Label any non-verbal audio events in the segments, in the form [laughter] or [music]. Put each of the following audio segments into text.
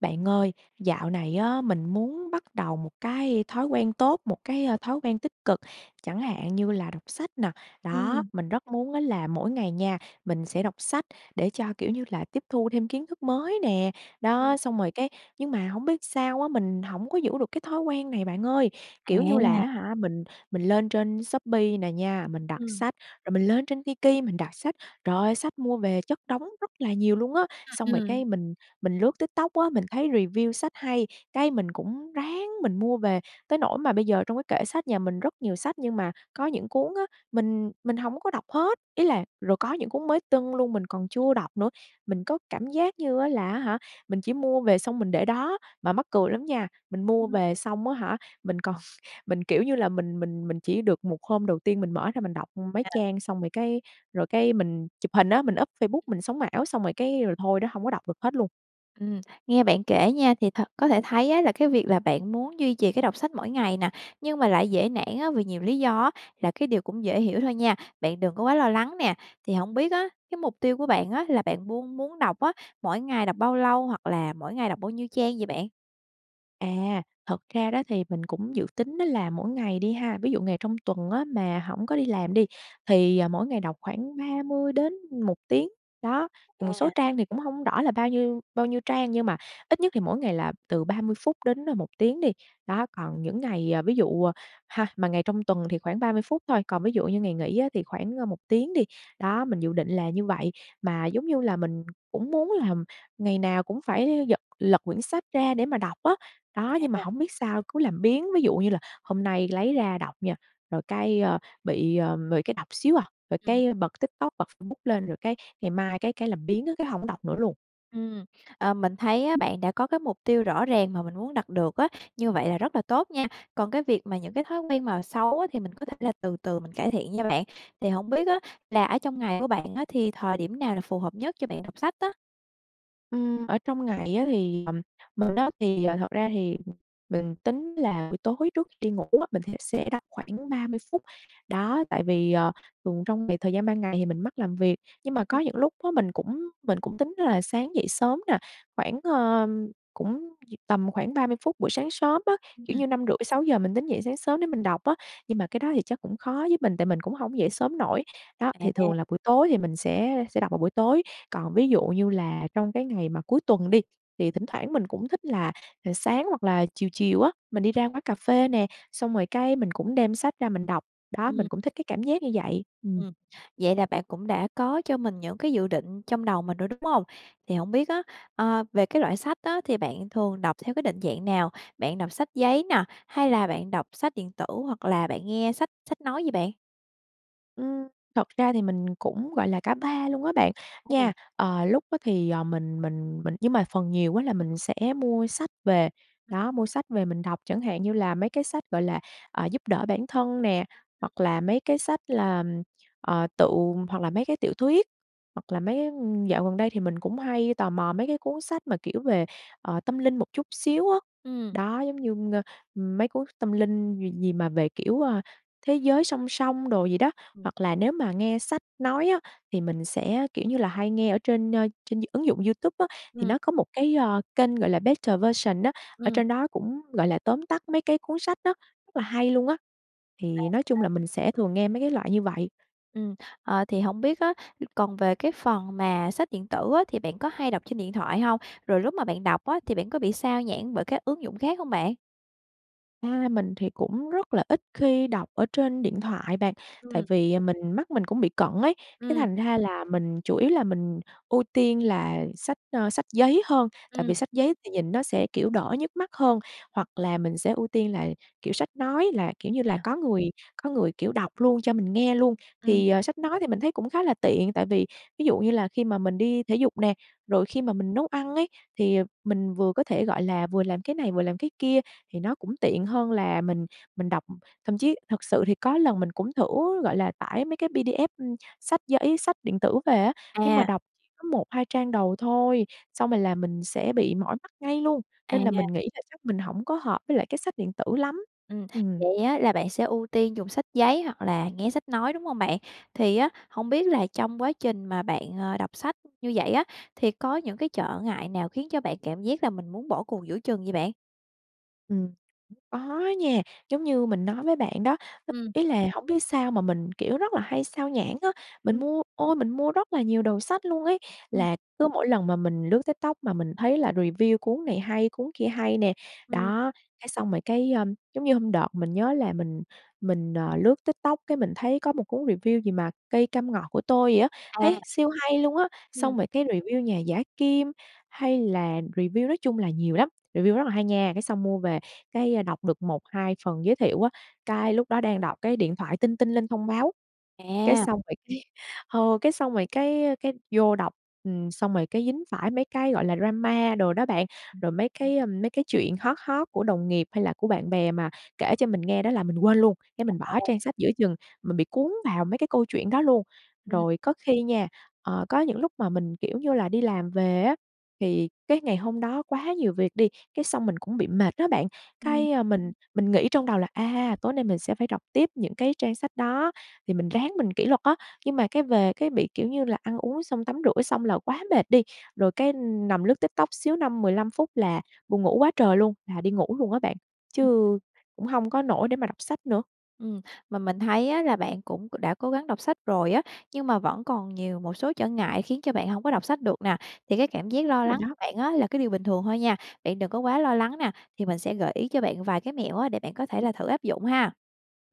Bạn ơi, dạo này á, mình muốn bắt đầu một cái thói quen tốt, một cái, a, thói quen tích cực chẳng hạn như là đọc sách nè, đó, Ừm. mình rất muốn á là mỗi ngày nha, mình sẽ đọc sách để cho, kiểu như là, tiếp thu thêm kiến thức mới nè, Ừm. đó. Xong rồi cái nhưng mà hông biết sao á, mình hổng có giữ được cái thói quen này bạn ơi, kiểu như là, À! á hả, mình mình lên trên Shopee nè nha, mình đặt Ừm. sách, rồi mình lên trên Tiki, mình đặt sách, trời ơi, sách mua về chất đống rất là nhiều luôn á. À, Xong rồi ừm. cái mình mình lướt TikTok á, mình thấy review sách hay, cái mình cũng ráng mình mua về, tới nỗi mà bây giờ trong cái kệ sách nhà mình rất nhiều sách nhưng mà có những cuốn á, mình mình hổng có đọc hết ý là, rồi có những cuốn mới tưng luôn mình còn Ừm. chưa đọc nữa, mình có cảm giác như á là, á hả, mình chỉ mua về xong mình để đó. Mà mắc cười lắm nha, mình mua Ừm. về xong, á hả, mình còn [chuckles] mình, kiểu như là, mình mình mình chỉ được một hôm đầu tiên mình mở ra mình đọc, ưm, mấy À! trang xong rồi cái rồi cái mình chụp hình á, mình up Facebook mình sống ảo xong rồi cái rồi thôi đó, hông có đọc được hết luôn. Ừm, nghe bạn kể nha thì thật có thể thấy á, là cái việc là bạn muốn duy trì cái đọc sách mỗi ngày nè, nhưng mà lại dễ nản á, vì nhiều lý do á, là cái điều cũng dễ hiểu thôi nha, bạn đừng có quá lo lắng nè. Thì hổng biết á, cái mục tiêu của bạn á, là bạn buôn muốn đọc á, mỗi ngày đọc bao lâu? Hoặc là mỗi ngày đọc bao nhiêu trang vậy bạn? À, thật ra đó thì mình cũng dự tính đó là mỗi ngày đi ha. Ví dụ ngày trong tuần á mà hổng có đi làm đi thì mỗi ngày đọc khoảng 30 đến 1 tiếng. Đó, một số À. trang thì cũng hổng rõ là bao nhiêu bao nhiêu trang nhưng mà ít nhất thì mỗi ngày là từ 30 phút đến 1 tiếng đi. Đó, còn những ngày, à, ví dụ ha, mà ngày trong tuần thì khoảng 30 phút thôi, còn ví dụ như ngày nghỉ á thì khoảng 1 tiếng đi. Đó, mình dự định là như vậy mà giống như là mình cũng muốn là ngày nào cũng phải giật lật quyển sách ra để mà đọc á. Đó, nhưng mà À. hổng biết sao cứ làm biếng ví dụ như là hôm nay lấy ra đọc nha, rồi cái, ờ, bị, ờ, bị cái đọc xíu à, rồi Ừm. cái bật TikTok bật Facebook lên rồi cái ngày mai cái cái làm biếng á, cái hổng đọc nữa luôn. Ừm, ờ, mình thấy á bạn đã có cái mục tiêu rõ ràng mà mình muốn đặt được á, như vậy là rất là tốt nha. Còn cái việc mà những cái thói quen mà xấu á thì mình có thể là từ từ mình cải thiện nha bạn. Thì hổng biết á là ở trong ngày của bạn á thì thời điểm nào là phù hợp nhất cho bạn đọc sách á? Ừm, ở, trong ngày á thì, à, mình á thì, thật ra thì, mình tính là buổi tối trước khi đi ngủ á mình thẽ sẽ đọc khoảng 30 phút. Đó tại vì, ờ, thường trong việc thời gian ban ngày thì mình mắc làm việc, nhưng mà có Ừm. những lúc á mình cũng mình cũng tính là sáng dậy sớm nè khoảng, ờ, cũng v tầm khoảng 30 phút buổi sáng sớm á, Ừm. kiểu như 5:30-6:00 mình tính dậy sáng sớm để mình đọc á, nhưng mà cái đó thì chắc cũng khó với mình tại mình cũng hổng dậy sớm nổi. Đó, thì thường À. là buổi tối thì mình sẽ sẽ đọc vào buổi tối, còn ví dụ như là trong cái ngày mà cuối tuần đi thì thỉnh thoảng mình cũng thích là sáng hoặc là chiều chiều á mình đi ra quán cà phê nè, xong rồi cái mình cũng đem sách ra mình đọc. Đó, Ừm. mình cũng thích cái cảm giác như vậy. Ừ. Ừm, vậy là bạn cũng đã có cho mình những cái dự định trong đầu mình rồi, đúng hông? Thì hổng biết á, ờ, về cái loại sách á thì bạn thường đọc theo cái định dạng nào? Bạn đọc sách giấy nè, hay là bạn đọc sách điện tử hoặc là bạn nghe sách sách nói vậy bạn? Ừm, thật ra thì mình cũng, gọi là, cả 3 luôn á bạn, nha. [unintelligible] Ờ, lúc á thì, ờ, mình mình mình nhưng mà phần nhiều á là mình sẽ mua sách về đó, mua sách về mình đọc chẳng hạn như là mấy cái sách, gọi là, ờ, giúp đỡ bản thân nè, hoặc là mấy cái sách là, ừm, ờ, tự hoặc là mấy cái tiểu thuyết, hoặc là mấy, ưm, dạo gần đây thì mình cũng hay tò mò mấy cái cuốn sách mà, kiểu, về, ờ, tâm linh một chút xíu á Ừm. đó, giống như, ng mấy cuốn tâm linh gì gì mà về, kiểu, ờ, thế giới song song đồ gì đó. Ừm. Hoặc là nếu mà nghe sách nói á, thì mình sẽ, kiểu như là, hay nghe ở trên, ơ, trên d ứng dụng YouTube á thì Ừm. nó có một cái, ờ, kênh, gọi là, Better Version á, ở Ừm. trên đó cũng, gọi là, tóm tắt mấy cái cuốn sách á, là hay luôn á, À, thì nói chung a. là mình sẽ thường nghe mấy cái loại như vậy. Ừm, ờ, thì hổng biết á, còn về cái phần mà sách điện tử á thì bạn có hay đọc trên điện thoại hông? Rồi lúc mà bạn đọc á, thì bạn có bị xao nhãng bởi các ứng dụng khác hông bạn? A, mình thì cũng rất là ít khi đọc ở trên điện thoại bạn, tại Ừm. vì, ờ, mình mắt mình cũng bị cận ấy, cái Ừm. thành ra là mình chủ yếu là mình ưu tiên là sách, ờ, sách giấy hơn tại Ừm. vì sách giấy thì nhìn nó sẽ, kiểu, đỡ nhức mắt hơn, hoặc là mình sẽ ưu tiên là, kiểu, sách nói là kiểu như là À. có người có người, kiểu, đọc luôn cho mình nghe luôn. Ừm. Thì, ờ, sách nói thì mình thấy cũng khá là tiện tại vì ví dụ như là khi mà mình đi thể dục nè, rồi khi mà mình nấu ăn ấy thì, ờ, mình vừa có thể, gọi là, vừa làm cái này, vừa làm cái kia thì nó cũng tiện hơn là mình mình đọc. Thậm chí thực sự thì có lần mình cũng thử, gọi là, tải mấy cái PDF, ưm, sách giấy sách điện tử về á, nhưng mà À! đọc chỉ có 1-2 trang đầu thôi, xong rồi là mình sẽ bị mỏi mắt ngay luôn, nên À. là mình nghĩ là chắc mình hổng có hợp với lại cái sách điện tử lắm. Ừm, Ừm. vậy á là bạn sẽ ưu tiên dùng sách giấy hoặc là nghe sách nói, đúng hông bạn? Thì á, hông biết là trong quá trình mà bạn, à, đọc sách như vậy á, thì có những cái trở ngại nào khiến cho bạn cảm giác là mình muốn bỏ cuộc giữa chừng vậy bạn? Ừm, có á nha, giống như mình nói với bạn đó, Ừm. ý là hổng biết sao mà mình, kiểu, rất là hay xao nhãng á. Mình Ừm. mua, ôi, mình mua rất là nhiều đầu sách luôn ấy. Ừm. Là cứ mỗi lần mà mình lướt TikTok mà mình thấy là review cuốn này hay, cuốn kia hay nè, Ừm. đó, cái xong rồi cái, ờ, giống như hôm đợt mình nhớ là mình mình, ờ, lướt TikTok cái mình thấy có một cuốn review gì mà Cây cam ngọt của tôi vậy á, À. thấy siêu hay luôn á, Ừm. xong rồi cái review Nhà giả kim hay là review nói chung là nhiều lắm, review rất là hay nha. Cái xong mua về cái đọc được 1-2 phần giới thiệu á, cái lúc đó đang đọc cái điện thoại tinh tinh lên thông báo, cái À. xong rồi cái, ờ, cái xong rồi cái cái vô đọc, ừm, xong rồi cái dính phải mấy cái gọi là drama đồ đó bạn, Ừm. rồi mấy cái, ờ, mấy cái chuyện hot hot của đồng nghiệp hay là của bạn bè mà kể cho mình nghe đó là mình quên luôn, cái mình bỏ [unintelligible] trang sách giữa chừng, mình bị cuốn vào mấy cái câu chuyện đó luôn. Ừm. Rồi có khi nha, ờ, có những lúc mà mình, kiểu như là, đi làm về á thì cái ngày hôm đó quá nhiều việc đi, cái xong mình cũng bị mệt á bạn, Ừm. cái, à, mình mình nghĩ trong đầu là, à, tối nay mình sẽ phải đọc tiếp những cái trang sách đó thì mình ráng mình kỷ luật á, nhưng mà cái về cái bị, kiểu như là, ăn uống xong tắm rửa xong là quá mệt đi, rồi cái nằm lướt TikTok xíu 5, 15 phút là buồn ngủ quá trời luôn, là đi ngủ luôn á bạn, Ừm. chứ cũng hông có nổi để mà đọc sách nữa. Ừm, mà mình thấy á là bạn cũng đã cố gắng đọc sách rồi á, nhưng mà vẫn còn nhiều một số trở ngại khiến cho bạn hổng có đọc sách được nè, thì cái cảm giác lo Rồi lắng của đó. bạn á là cái điều bình thường thôi nha, bạn đừng có quá lo lắng nè, thì mình sẽ gợi ý cho bạn vài cái mẹo á, để bạn có thể là thử áp dụng ha!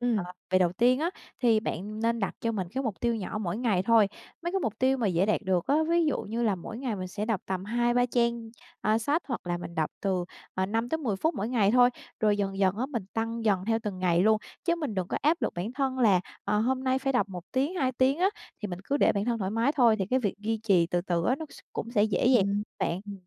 Ừm. Ờ, về đầu tiên á, thì bạn nên đặt cho mình cái mục tiêu nhỏ mỗi ngày thôi, mấy cái mục tiêu mà dễ đạt được á, ví dụ như là mỗi ngày mình sẽ đọc tầm 2-3 trang, a, sách hoặc là mình đọc từ, à, 5-10 phút mỗi ngày thôi, rồi dần dần á, mình tăng dần theo từng ngày luôn, chứ mình đừng có áp lực bản thân là, ờ, hôm nay phải đọc 1 tiếng, 2 tiếng á, thì mình cứ để bản thân thoải mái thôi, thì cái việc duy trì từ từ á nó s cũng sẽ dễ dàng Ừm, bạn. ừm.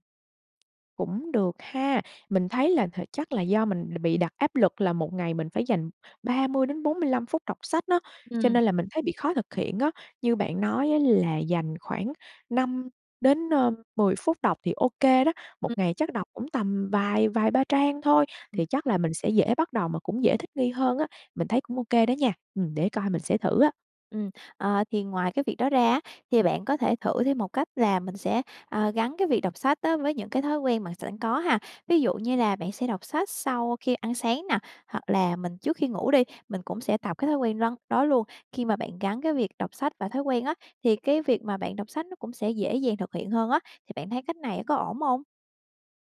Cũng được ha, mình thấy là th chắc là do mình đ bị đặt áp lực là một ngày mình phải dành 30-45 phút đọc sách nó, cho Ừm. nên là mình thấy bị khó thực hiện á. Như bạn nói á, là dành khoảng 5 đến, ơ, 10 phút đọc thì ô kê đó, một Ừm. ngày chắc đọc cũng tầm vài vài ba trang thôi, Ừm. thì chắc là mình sẽ dễ bắt đầu mà cũng dễ thích nghi hơn á, mình thấy cũng ô kê đó nha, ừm, để coi mình sẽ thử á. Ừm, ờ, thì ngoài cái việc đó ra á, thì bạn có thể thử thêm một cách là mình sẽ, ờ, gắn cái việc đọc sách á với những cái thói quen bạn s sẵn có ha. Ví dụ như là bạn sẽ đọc sách sau khi ăn sáng nà, hoặc là mình trước khi ngủ đi, mình cũng sẽ tập cái thói quen răn đó luôn, khi mà bạn gắn cái việc đọc sách và thói quen á, thì cái việc mà bạn đọc sách nó cũng sẽ dễ dàng thực hiện hơn á, thì bạn thấy cách này có ổn hông?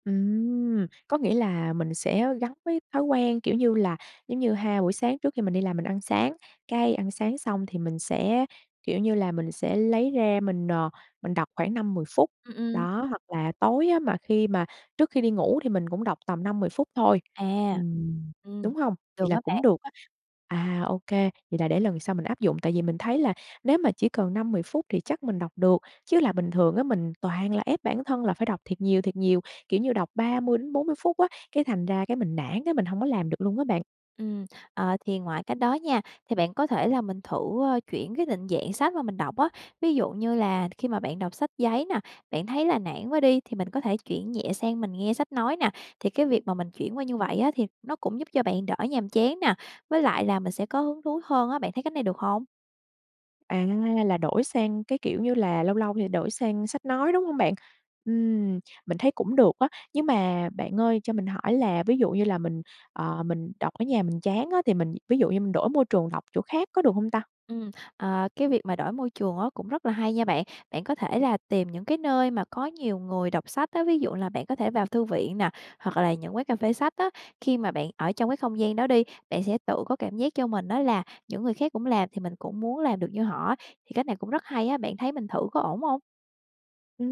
Ừm, có nghĩa là mình sẽ gắn với thói quen, kiểu như là, giống như ha buổi sáng trước khi mình đi làm mình ăn sáng, cái ăn sáng xong thì mình sẽ, kiểu như là, mình sẽ lấy ra mình, ờ, mình đọc khoảng 5-10 phút, Ừm, ừm. đó, hoặc là tối á mà khi mà trước khi đi ngủ thì mình cũng đọc tầm 5-10 phút thôi, À, ừm, ừm, đúng hông? được Vậy là đó cũng bạn. được á. À, ô kê, vậy là để lần sau mình áp dụng, tại vì mình thấy là nếu mà chỉ cần 5-10 phút thì chắc mình đọc được, chứ là bình thường á mình toàn là ép bản thân là phải đọc thiệt nhiều, thiệt nhiều, kiểu như, đọc 30-40 phút á, cái thành ra cái mình nản á, mình hổng có làm được luôn á bạn. Ừm, ờ, thì ngoài cách đó nha, thì bạn có thể là mình thử, ơ, chuyển cái định dạng sách mà mình đọc á, ví dụ như là khi mà bạn đọc sách giấy nà, bạn thấy là nản quá đi thì mình có thể chuyển nhẹ sang mình nghe sách nói nà, thì cái việc mà mình chuyển qua như vậy á thì nó cũng giúp cho bạn đỡ nhàm chán nà, với lại là mình sẽ có hứng thú hơn á, bạn thấy cách này được hông? À, là đổi sang cái, kiểu như là, lâu lâu thì đổi sang sách nói, đúng hông bạn? Ừm, mình thấy cũng được á, nhưng mà bạn ơi cho mình hỏi là ví dụ như là mình, ờ, mình đọc ở nhà mình chán á, thì mình ví dụ như mình đổi môi trường đọc chỗ khác có được hông ta? Ừm, ờ, cái việc mà đổi môi trường á, cũng rất là hay nha bạn. Bạn có thể là tìm những cái nơi mà có nhiều người đọc sách á, ví dụ là bạn có thể vào thư viện nè, hoặc là những quán cà phê sách á. Khi mà bạn ở trong cái không gian đó đi, bạn sẽ tự có cảm giác cho mình đó là những người khác cũng làm thì mình cũng muốn làm được như họ, thì cách này cũng rất hay á, bạn thấy mình thử có ổn hông? Ừ,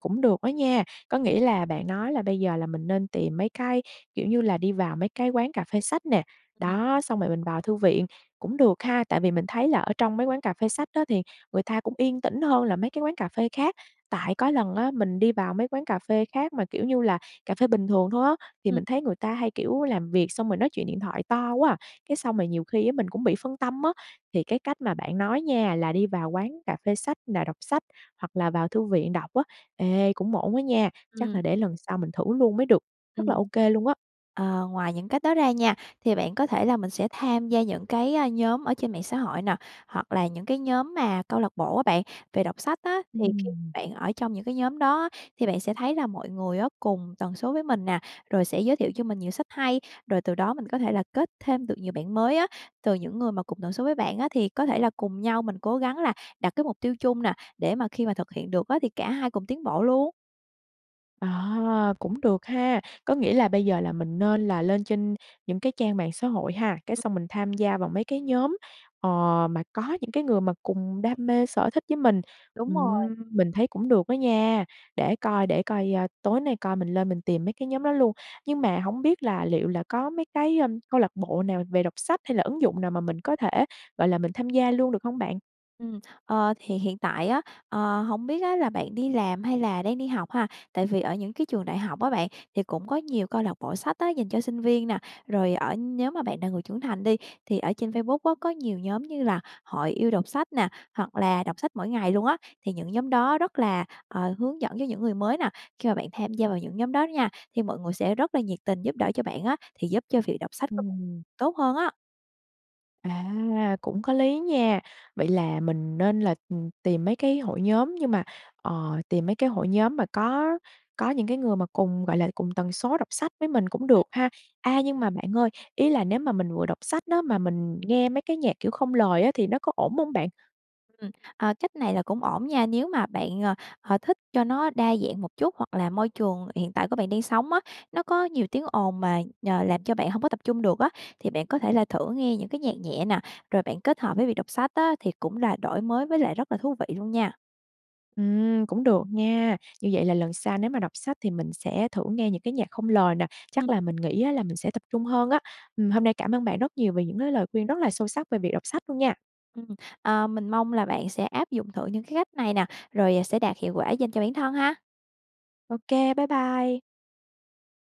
cũng được đó nha, có nghĩa là bạn nói là bây giờ là mình nên tìm mấy cái, kiểu như là, đi vào mấy cái quán cà phê sách nè, Ừm. đó, xong rồi mình vào thư viện, cũng được ha, tại vì mình thấy là ở trong mấy quán cà phê sách á thì người ta cũng yên tĩnh hơn là mấy cái quán cà phê khác. Tại có lần á mình đi vào mấy quán cà phê khác mà, kiểu như là, cà phê bình thường thôi á, thì Ừm. mình thấy người ta hay, kiểu, làm việc xong rồi nói chuyện điện thoại to quá à, cái xong rồi nhiều khi á mình cũng bị phân tâm á. Thì cái cách mà bạn nói nha là đi vào quán cà phê sách là đọc sách hoặc là vào thư viện đọc á, ê cũng ổn á nha, chắc Ừm. là để lần sau mình thử luôn mới được, Ừ. rất là ô kê luôn á. Ờ, ngoài những cách đó ra nha, thì bạn có thể là mình sẽ tham gia những cái, a, nhóm ở trên mạng xã hội nè, hoặc là những cái nhóm mà câu lạc bộ á bạn về đọc sách á, thì khi Ừm. bạn ở trong những cái nhóm đó á, thì bạn sẽ thấy là mọi người á cùng tần số với mình nè, rồi sẽ giới thiệu cho mình nhiều sách hay, rồi từ đó mình có thể là kết thêm được nhiều bạn mới á. Từ những người mà cùng tần số với bạn á thì có thể là cùng nhau mình cố gắng là đặt cái mục tiêu chung nè, để mà khi mà thực hiện được á thì cả hai cùng tiến bộ luôn. Ờ, cũng được ha. Có nghĩa là bây giờ là mình nên là lên trên những cái trang mạng xã hội ha, cái [unintelligible] xong mình tham gia vào mấy cái nhóm, ờ, mà có những cái người mà cùng đam mê sở thích với mình. Đúng rồi. Ừm, mình thấy cũng được á nha, để coi để coi, à, tối nay coi mình lên mình tìm mấy cái nhóm đó luôn. Nhưng mà hổng biết là liệu là có mấy cái, ơm, câu lạc bộ nào về đọc sách hay là ứng dụng nào mà mình có thể, gọi là, mình tham gia luôn được hông bạn? Ừm, ờ, thì hiện tại á, ờ, hổng biết á là bạn đi làm hay là đang đi học ha? Tại vì ở những cái trường đại học á bạn thì cũng có nhiều câu lạc bộ sách á dành cho sinh viên nè. Rồi ở nhóm mà bạn là người trưởng thành đi, thì ở trên Facebook á có nhiều nhóm như là Hội Yêu Đọc Sách nè, hoặc là Đọc Sách Mỗi Ngày luôn á, thì những nhóm đó rất là, ờ, hướng dẫn cho những người mới nè. Khi mà bạn tham gia vào những nhóm đó đó nha, thì mọi người sẽ rất là nhiệt tình giúp đỡ cho bạn á, thì giúp cho việc đọc sách của Ừm. tốt hơn á. À, cũng có lý nha. Vậy là mình nên là, ừm, tìm mấy cái hội nhóm nhưng mà, ờ, tìm mấy cái hội nhóm mà có có những cái người mà cùng, gọi là, cùng tần số đọc sách với mình cũng được ha. A, nhưng mà bạn ơi, ý là nếu mà mình vừa đọc sách đó mà mình nghe mấy cái nhạc, kiểu, không lời á thì nó có ổn hông bạn? Ừm, ờ, cách này là cũng ổn nha, nếu mà bạn, ờ, ờ, thích cho nó đa dạng một chút hoặc là môi trường hiện tại của bạn đang sống á, nó có nhiều tiếng ồn mà, nhờ, làm cho bạn hông có tập trung được á, thì bạn có thể là thử nghe những cái nhạc nhẹ nè, rồi bạn kết hợp với việc đọc sách á thì cũng là đổi mới với lại rất là thú vị luôn nha. Ừm, cũng được nha. Như vậy là lần sau nếu mà đọc sách thì mình sẽ thử nghe những cái nhạc không lời nè, chắc Ừm. là mình nghĩ á là mình sẽ tập trung hơn á. Ừm, hôm nay cảm ơn bạn rất nhiều về những cái lời khuyên rất là sâu sắc về việc đọc sách luôn nha. Ừm, à, mình mong là bạn sẽ áp dụng thử những cái cách này nè, rồi sẽ đạt hiệu quả dành cho bản thân ha. Ô kê, bye bye.